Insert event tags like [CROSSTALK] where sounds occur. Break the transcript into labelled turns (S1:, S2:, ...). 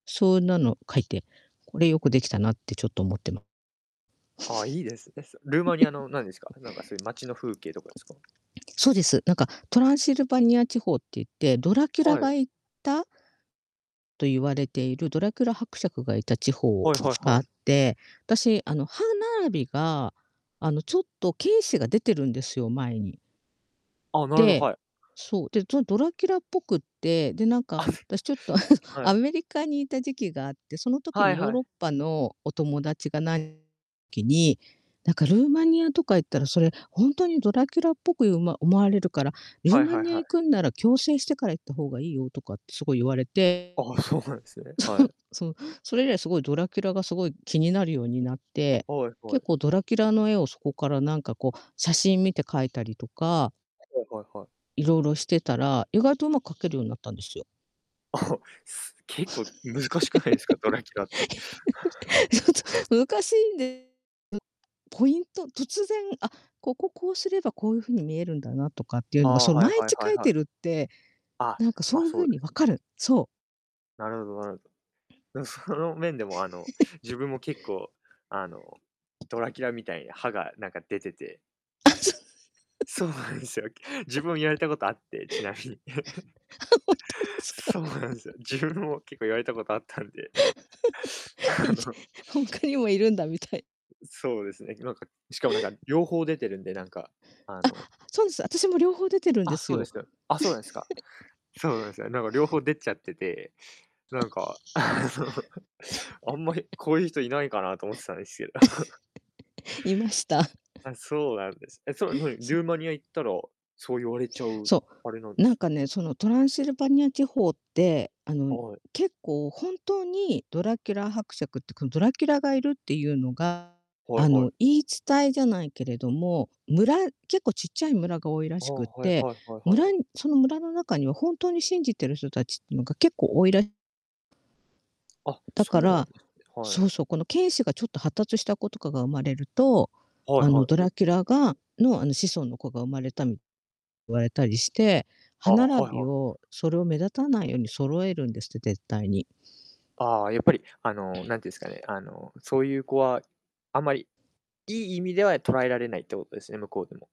S1: そんなの書いて、これ良く出来たなってちょっと思ってま
S2: ああ、いいですね、そルーマニア
S1: [CHUCKLES]
S2: のなんですか、なんかそういう町の風景とかですか？
S1: そうです。何か、トランシルバニア地方って言って、ドラキュラ
S2: はい。
S1: が行ったと言われているドラキュラ伯爵がいた地方
S2: はいはい
S1: が
S2: は
S1: あっ
S2: い。
S1: て、私、あの、歯並びが、あの、ちょっと犬歯が出てるんですよ、前に。
S2: あ、なるほど、
S1: で、
S2: はい。
S1: そう、で、そうドラキュラっぽくって、で、なんか、
S2: あ。
S1: 私ちょっとあの、
S2: [CHUCKLES] は
S1: ア
S2: い。
S1: メリカにいた時期があって、その時
S2: は
S1: に
S2: い
S1: ヨー
S2: は
S1: ロ
S2: い。
S1: ッパのお友達がなきに、なんか「ルーマニアとか行ったら、それ、ほんとにドラキュラっぽくうま思われるから、ルー
S2: はい
S1: マ
S2: はい
S1: ニア
S2: はい。
S1: 行くんなら矯正してから行った方がいいよ」とかってすごい言われて。
S2: ああ、そうなんですね、はい。
S1: そう。そう、それ以来、すごいドラキュラがすごい気になるようになって、
S2: はいは
S1: 結
S2: い。
S1: 構ドラキュラの絵をそこからなんかこう、写真見て描いたりとか
S2: はいはいはい。
S1: 色々してたら、意外と上手く描けるようになったんですよ。
S2: あ、す
S1: [LAUGHS] ちょ
S2: 結構難しくないですか、ドラキュラって。[CHUCKLES]
S1: っと難しいんです。ポイント突然、あっ、ここ、こうすればこういう風に見えるんだなとかっていう
S2: あ
S1: のが、
S2: あ、
S1: その
S2: はい
S1: 毎
S2: はい
S1: 日
S2: はい
S1: 描い
S2: はい。
S1: てるって
S2: あ、
S1: なんかそ
S2: ま、
S1: ういう
S2: そう
S1: 風
S2: で
S1: に分
S2: す。
S1: かる。そう。
S2: なるほど、なるなんその面でもあの、自分
S1: [LAUGHS]
S2: も結構、あの、ドラキュラみたいに歯がなんか出てて
S1: あ、そう [LAUGHS]
S2: そうなんですよ。自分も言われたことあ
S1: [CHUCKLES]
S2: って、ちなみに。
S1: あ、ほんと
S2: [LAUGHS]
S1: ですか？
S2: そうなんですよ。自分も結構言われたことあったんで、
S1: [LAUGHS]
S2: あ
S1: いで
S2: の
S1: 他にもいるんだみたい
S2: そうですね、なんか、しかもなんか両方出てるんで、なんか、あ
S1: あ、
S2: の
S1: そうです。私も両方出てるん
S2: あ
S1: で
S2: っ、
S1: す
S2: そうで
S1: よ。
S2: すよ。あっ、そうなんですか。
S1: [CHUCKLES]
S2: そうなんですよね、なんか両方出ちゃってて、なんかあ
S1: [LAUGHS]
S2: の、あんまり、
S1: [CHUCKLES]
S2: こういう人いないかなと思ってたんですけど。[CHUCKLES]
S1: [CHUCKLES] いました。
S2: あ、そうなんです。え、それ何、
S1: そう
S2: ルー
S1: か。
S2: マニア行ったらそう言われちゃう、
S1: そ
S2: あれなん
S1: う。
S2: で
S1: なん
S2: す
S1: か
S2: か？
S1: ね、そのトランシルバニア地方って、あの、
S2: はい。
S1: 結構、本当にドラキュラ伯爵ってこのドラキュラがいるっていうのが、
S2: はい
S1: あ
S2: は
S1: の、
S2: い。
S1: 言い伝えじゃないけれども、村結構ちっちゃい村が多いら
S2: あ、
S1: しくっ
S2: はい
S1: て、
S2: はいはいは
S1: 村
S2: い。
S1: その村の中には本当に信じてる人達っていうのが結構多いら
S2: あ、
S1: だ
S2: そう
S1: か
S2: なん
S1: ら
S2: ですね。はい。
S1: そうそう、この犬歯がちょっと発達した子とかが生まれると、
S2: はい
S1: あの
S2: はい。
S1: ドラキュラがのあの子孫の子が生まれた言われたりして、
S2: あ
S1: 歯
S2: あ、
S1: 並
S2: はいは
S1: び
S2: いはい。
S1: をそれを目立たないように揃えるんですって、絶対に。
S2: あ、やっぱり、あの、何て言うんですかね、あの、そういう子は、あんまり、いい意味では捉えられないってことですね、向こうでも。